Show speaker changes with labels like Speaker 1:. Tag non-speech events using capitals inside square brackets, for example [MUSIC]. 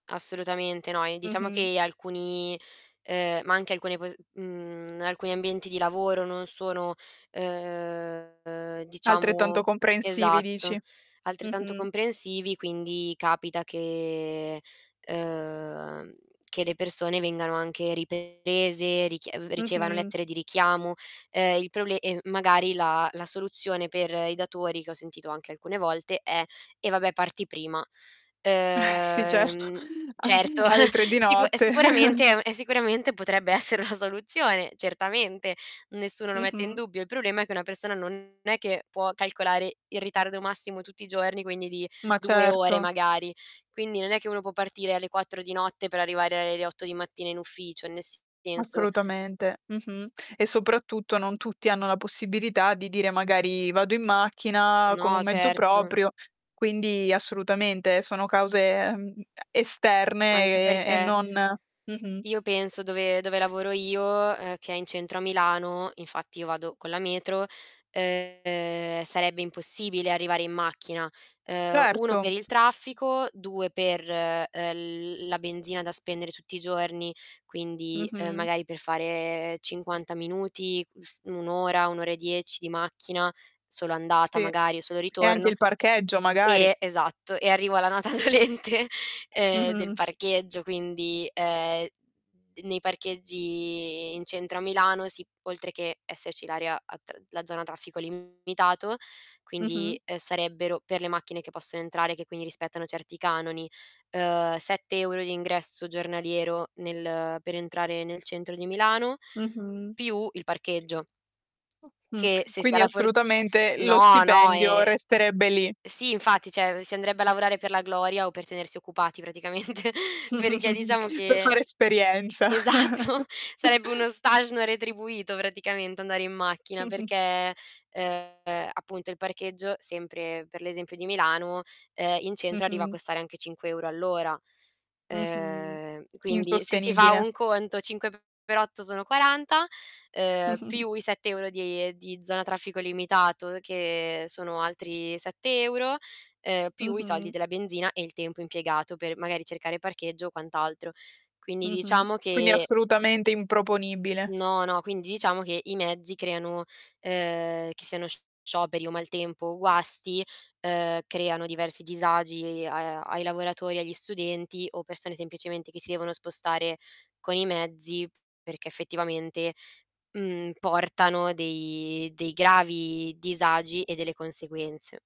Speaker 1: Assolutamente no e diciamo
Speaker 2: Mh-mh.
Speaker 1: che alcuni, ehm, ma anche alcune po uhm, alcuni ambienti di lavoro non sono ehm,
Speaker 2: Altrettanto
Speaker 1: diciamo
Speaker 2: comprensivi
Speaker 1: esatto
Speaker 2: dici.
Speaker 1: altrettanto
Speaker 2: Mh-mh.
Speaker 1: comprensivi quindi capita che, ehm, che le persone vengano anche riprese, richie ricevano
Speaker 2: Mh-mh.
Speaker 1: lettere di richiamo. Ehm, il proble e magari la la soluzione per i datori, che ho sentito anche alcune volte, è: "eh vabbè parti prima".
Speaker 2: [CHUCKLES] Sì certo,
Speaker 1: Ehm,
Speaker 2: a
Speaker 1: certo,
Speaker 2: alle 3 di
Speaker 1: [CHUCKLES] sicu è
Speaker 2: notte.
Speaker 1: sicuramente è un è sicuramente potrebbe essere una soluzione, certamente, nessuno lo mette in
Speaker 2: Mh-mh.
Speaker 1: dubbio. Il problema è che una persona non è che può calcolare il ritardo massimo tutti i giorni quindi di
Speaker 2: Ma
Speaker 1: 2 ore
Speaker 2: certo.
Speaker 1: magari. Quindi non è che uno può partire alle 4 di notte per arrivare alle 8 di mattina in ufficio, nel senso.
Speaker 2: Assolutamente. Mh-mh. E soprattutto non tutti hanno la possibilità di dire: "Magari vado in macchina, con
Speaker 1: No,
Speaker 2: un mezzo
Speaker 1: certo.
Speaker 2: proprio", quindi assolutamente sono cause, ehm, e
Speaker 1: Anche
Speaker 2: esterne e
Speaker 1: perché
Speaker 2: non mh-mh.
Speaker 1: io penso dove dove lavoro io, uhm, che è in centro a Milano, infatti io vado con la metro, ehm, sarebbe impossibile arrivare in macchina. Ehm, 1 per
Speaker 2: Certo.
Speaker 1: il traffico, 2 per, ehm, l la benzina da spendere tutti i giorni, quindi, ehm,
Speaker 2: Mh-mh.
Speaker 1: magari per fare 50 minuti, s 1 ora, 1 ora e 10 di macchina, solo andata
Speaker 2: Sì
Speaker 1: magari o solo
Speaker 2: e anche
Speaker 1: ritorno
Speaker 2: il parcheggio magari.
Speaker 1: eh esatto e arrivo alla nota dolente ehm del
Speaker 2: Mh-mh.
Speaker 1: parcheggio quindi, ehm, d nei parcheggi in centro a Milano, si, oltre che esserci l'area a tr la zona traffico limitato,
Speaker 2: Mh-mh.
Speaker 1: quindi, ehm, sarebbero per le macchine che possono entrare che quindi rispettano certi canoni, ehm, 7 euro di ingresso giornaliero nel per entrare nel centro di Milano,
Speaker 2: Mh-mh.
Speaker 1: più il parcheggio.
Speaker 2: Mh,
Speaker 1: Che, se si ha
Speaker 2: quindi
Speaker 1: la for
Speaker 2: assolutamente lo
Speaker 1: no no
Speaker 2: stipendio
Speaker 1: e
Speaker 2: resterebbe lì.
Speaker 1: sì infatti, cioè, si andrebbe a lavorare per la gloria o per tenersi occupati praticamente perché diciamo
Speaker 2: [CHUCKLES] Per
Speaker 1: che
Speaker 2: fare esperienza.
Speaker 1: esatto, sarebbe uno
Speaker 2: [CHUCKLES]
Speaker 1: stage no retribuito praticamente andare in macchina perché
Speaker 2: [CHUCKLES]
Speaker 1: ehm appunto il parcheggio, sempre per l'esempio di Milano, ehm, in centro arriva a
Speaker 2: Mh-mh.
Speaker 1: costare anche 5 euro all'ora.
Speaker 2: Mh-mh.
Speaker 1: Ehm, quindi se si fa
Speaker 2: Insostenibile.
Speaker 1: un conto 5 per 8 sono 40, ehm,
Speaker 2: [CHUCKLES]
Speaker 1: più i 7 euro di di zona a traffico limitato che sono altri 7 euro, ehm, più i soldi
Speaker 2: Mh-mh.
Speaker 1: della benzina e il tempo impiegato per magari cercare parcheggio o quant'altro. Quindi
Speaker 2: Mh-mh.
Speaker 1: diciamo
Speaker 2: Quindi
Speaker 1: che
Speaker 2: assolutamente improponibile.
Speaker 1: No, no, quindi diciamo che i mezzi creano, ehm, che siano scioperi o maltempo o guasti, ehm, creano diversi disagi a ai lavoratori, agli studenti o persone semplicemente che si devono spostare con i mezzi, perché effettivamente, uhm, portano dei dei gravi disagi e delle conseguenze.